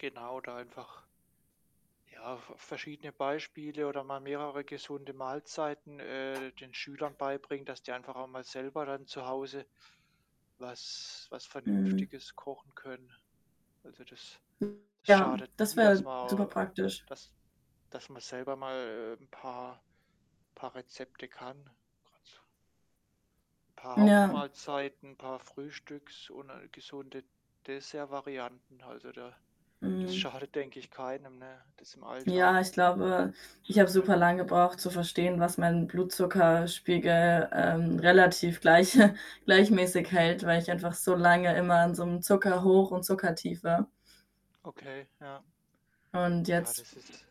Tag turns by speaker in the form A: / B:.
A: Genau, da einfach ja, ver verschiedene Beispiele oder mal mehrere gesunde Mahlzeiten, äh, den Schülern beibringen, dass die einfach auch mal selber dann zu Hause was was
B: Mhm.
A: Vernünftiges kochen können. Also, das
B: Mhm,
A: das
B: ja,
A: schadet
B: das
A: nie, dass
B: wäre super
A: man
B: praktisch.
A: dass dass man selber mal 'n paar paar Rezepte kann. Grad so paar
B: N ja.
A: Hauptmahlzeiten, paar Frühstücks und, äh, gesunde Dessertvarianten. Also, da das
B: Mhm.
A: schadet, denke ich keinem, ne, das im
B: Ja,
A: Alltag
B: ich glaube, ich
A: zu
B: habe
A: können.
B: super lang gebraucht zu verstehen, was meinen Blutzuckerspiegel, ähm, relativ gleich gleichmäßig
A: Mhm.
B: hält, weil ich einfach so lange immer in so 'nem Zuckerhoch und Zuckertief war.
A: Okay, ja.
B: Und
A: Ja,
B: jetzt
A: das ist